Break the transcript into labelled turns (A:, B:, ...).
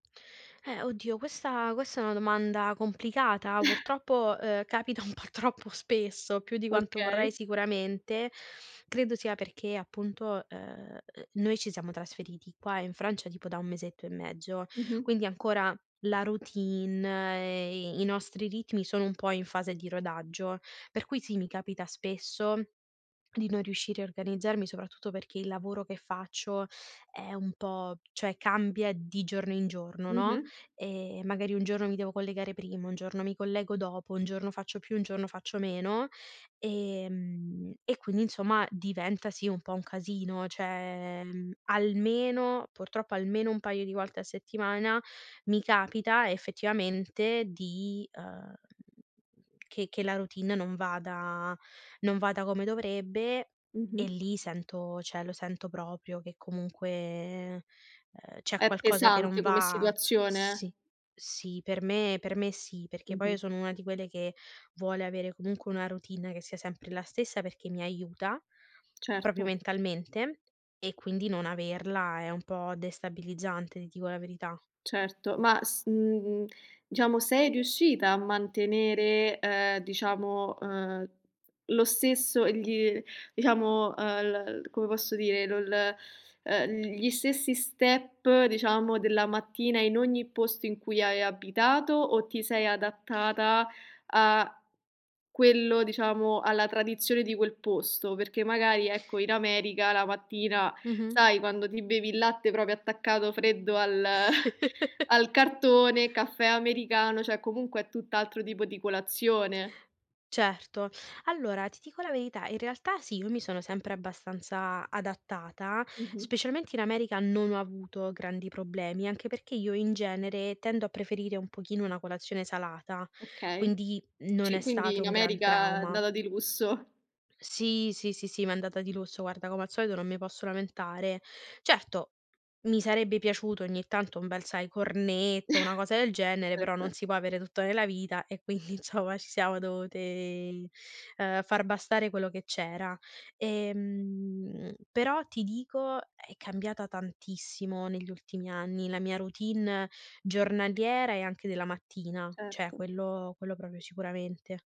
A: Eh oddio questa questa è una domanda complicata, purtroppo, ehm, capita un po' troppo spesso, più di quanto vorrei
B: Okay.
A: sicuramente. Credo sia perché appunto, ehm, noi ci siamo trasferiti qua in Francia tipo da 1 mesetto e mezzo
B: Mh-mh.
A: quindi ancora la routine e e i nostri ritmi sono un po' in fase di rodaggio. Per cui sì, mi capita spesso di non riuscire a organizzarmi, soprattutto perché il lavoro che faccio è un po' cioè cambia di giorno in giorno, no,
B: Mh-mh.
A: ehm, magari un giorno mi devo collegare prima, un giorno mi collego dopo, un giorno faccio più, un giorno faccio meno. Ehm, e quindi insomma diventa sì un po' un casino, cioè, mhmm, almeno purtroppo almeno un paio di volte a settimana mi capita effettivamente di, uhm, che che la routine non vada non vada come dovrebbe. E
B: Mh-mh.
A: lì sento cioè, lo sento proprio che comunque, ehm, c'è
B: È
A: qualcosa che non
B: pesante come
A: va.
B: situazione.
A: Sì, sì, per me, per me sì, perché poi io
B: Mh-mh.
A: sono una di quelle che vuole avere comunque una routine che sia sempre la stessa perché mi aiuta, proprio
B: Certo.
A: mentalmente, e quindi non averla è un po' destabilizzante, ti dico la verità.
B: Certo, ma s mhmm, diciamo sei riuscita a mantenere, ehm, diciamo, ehm, lo stesso gl diciamo, uhm, l come posso dire, lo l ehm, gli stessi step, diciamo, della mattina in ogni posto in cui hai abitato, o ti sei adattata a quello diciamo, alla tradizione di quel posto? Perché magari, ecco, in America la mattina
A: Mh-mh.
B: sai quando ti bevi il latte proprio attaccato freddo al al cartone, caffè americano, cioè, comunque è tutt'altro tipo di colazione
A: Certo. Allora, ti dico la verità, in realtà sì, io mi sono sempre abbastanza adattata,
B: Mh-mh.
A: specialmente in America non ho avuto grandi problemi, anche perché io in genere tendo a preferire un pochino una colazione salata,
B: Okay.
A: quindi non
B: Ci
A: è
B: quindi
A: stato
B: in
A: un gran
B: America è
A: trauma.
B: andata di lusso.
A: Sì, sì, sì, sì, m'è andata di lusso, guarda, come al solito non mi posso lamentare. Certo, mi sarebbe piaciuto ogni tanto un bel, sai, cornetto, una cosa del genere, però non
B: Certo.
A: si può avere tutto nella vita e quindi insomma ci siamo dovute, ehm, far bastare quello che c'era. Ehm. Però, ti dico, è cambiata tantissimo negli ultimi anni la mia routine giornaliera e anche della mattina, cioè
B: Certo.
A: quello quello proprio sicuramente.